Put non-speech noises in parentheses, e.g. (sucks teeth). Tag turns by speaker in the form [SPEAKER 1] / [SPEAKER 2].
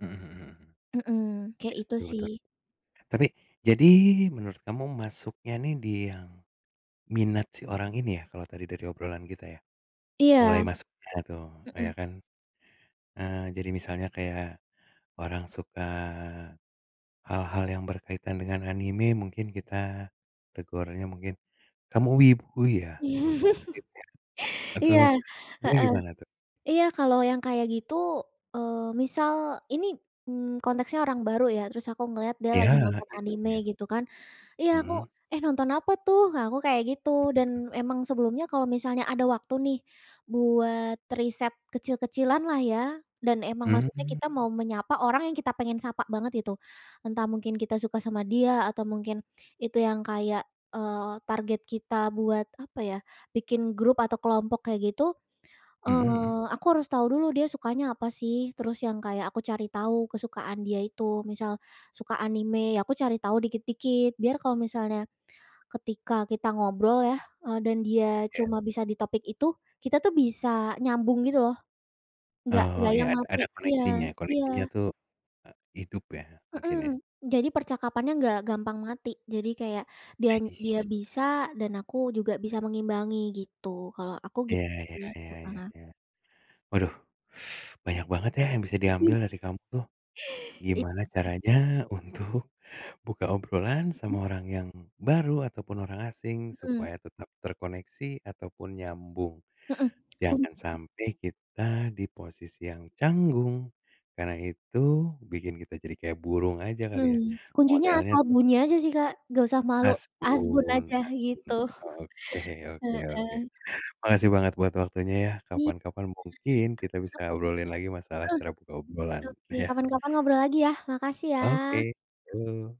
[SPEAKER 1] Mhm mhm mhm.
[SPEAKER 2] Mhm, kayak itu
[SPEAKER 1] Betul
[SPEAKER 2] sih.
[SPEAKER 1] betul. Tapi. Jadi, menurut kamu masuknya nih di yang minat si orang ini ya, kalau tadi dari obrolan kita ya. Mulai
[SPEAKER 2] Iya,
[SPEAKER 1] masuknya tuh, nah iya
[SPEAKER 2] mhm.
[SPEAKER 1] kan. Eee, jadi misalnya kayak orang suka hal-hal yang berkaitan dengan anime mungkin kita tegurnya mungkin "Kamu Wibu ya?" Mungkin
[SPEAKER 2] (laughs)
[SPEAKER 1] seperti itu ya? Atau,
[SPEAKER 2] Iya,
[SPEAKER 1] Elo
[SPEAKER 2] heeh,
[SPEAKER 1] gimana tuh?
[SPEAKER 2] iya kalau yang kayak gitu eee, misal ini, mmm, konteksnya orang baru ya, terus aku ngelihat dia
[SPEAKER 1] Iya,
[SPEAKER 2] lagi nonton
[SPEAKER 1] kita
[SPEAKER 2] anime
[SPEAKER 1] niat.
[SPEAKER 2] gitu kan. Iya aku,
[SPEAKER 1] Mhm.
[SPEAKER 2] "Eh nonton apa tuh?" Nah, aku kayak gitu dan
[SPEAKER 1] Mmm.
[SPEAKER 2] emang sebelumnya kalau misalnya ada waktu nih, buat riset kecil kecilan lah ya dan emang maksudnya
[SPEAKER 1] Mmm.
[SPEAKER 2] kita mau menyapa orang yang kita pengen sapa banget itu. Entah mungkin kita suka sama dia atau mungkin, itu yang kayak eee, target kita buat apa ya? Bikin grup atau kelompok kayak gitu,
[SPEAKER 1] Mhm mhm.
[SPEAKER 2] eee, aku harus tahu dulu, dia sukanya apa sih. Terus yang kayak aku cari tahu kesukaan dia itu misal suka anime, ya aku cari tahu dikit-dikit biar kalau misalnya, ketika kita ngobrol ya, eee, dan dia
[SPEAKER 1] Iya.
[SPEAKER 2] cuma bisa di topik itu kita tuh bisa nyambung gitu loh, enggak enggak
[SPEAKER 1] Oh iya,
[SPEAKER 2] yang
[SPEAKER 1] a
[SPEAKER 2] mati
[SPEAKER 1] ada
[SPEAKER 2] iya
[SPEAKER 1] koneksinya koneksinya
[SPEAKER 2] iya.
[SPEAKER 1] tuh e hidup ya? Mungkin ya.
[SPEAKER 2] Mhm, jadi percakapannya enggak gampang mati. Jadi kayak dan dia
[SPEAKER 1] Medis.
[SPEAKER 2] bisa dan aku juga bisa mengimbangi gitu kalau aku
[SPEAKER 1] Iya
[SPEAKER 2] gitu
[SPEAKER 1] iya
[SPEAKER 2] sih,
[SPEAKER 1] iya iya
[SPEAKER 2] heeh.
[SPEAKER 1] iya. Waduh, (sucks teeth) banyak banget ya, yang bisa
[SPEAKER 2] Mhm.
[SPEAKER 1] diambil dari kamu tuh.
[SPEAKER 2] Iya.
[SPEAKER 1] Gimana caranya untuk buka obrolan
[SPEAKER 2] Mhm.
[SPEAKER 1] sama orang yang baru ataupun orang asing
[SPEAKER 2] Mhm.
[SPEAKER 1] supaya tetap terkoneksi ataupun nyambung.
[SPEAKER 2] Mhm, kum
[SPEAKER 1] Jangan sampai kita di posisi yang canggung karena itu bikin kita jadi kayak burung aja kali ya,
[SPEAKER 2] Mhm, kuncinya
[SPEAKER 1] modelnya
[SPEAKER 2] asal
[SPEAKER 1] tuh.
[SPEAKER 2] bunyi aja sih, Kak, enggak usah malu, asbun
[SPEAKER 1] Asbun,
[SPEAKER 2] aja
[SPEAKER 1] asbun
[SPEAKER 2] gitu
[SPEAKER 1] oke
[SPEAKER 2] (chuckles)
[SPEAKER 1] oke oke.
[SPEAKER 2] heeh.
[SPEAKER 1] Makasih banget buat waktunya ya,
[SPEAKER 2] Iya,
[SPEAKER 1] kapan-kapan
[SPEAKER 2] mmm,
[SPEAKER 1] mungkin kita
[SPEAKER 2] kapan-kapan
[SPEAKER 1] bisa obrolin lagi masalah cara buka
[SPEAKER 2] heeh, oke
[SPEAKER 1] obrolan
[SPEAKER 2] oke,
[SPEAKER 1] ya?
[SPEAKER 2] kapan-kapan ngobrol lagi ya, makasih ya!
[SPEAKER 1] Oke, yuk.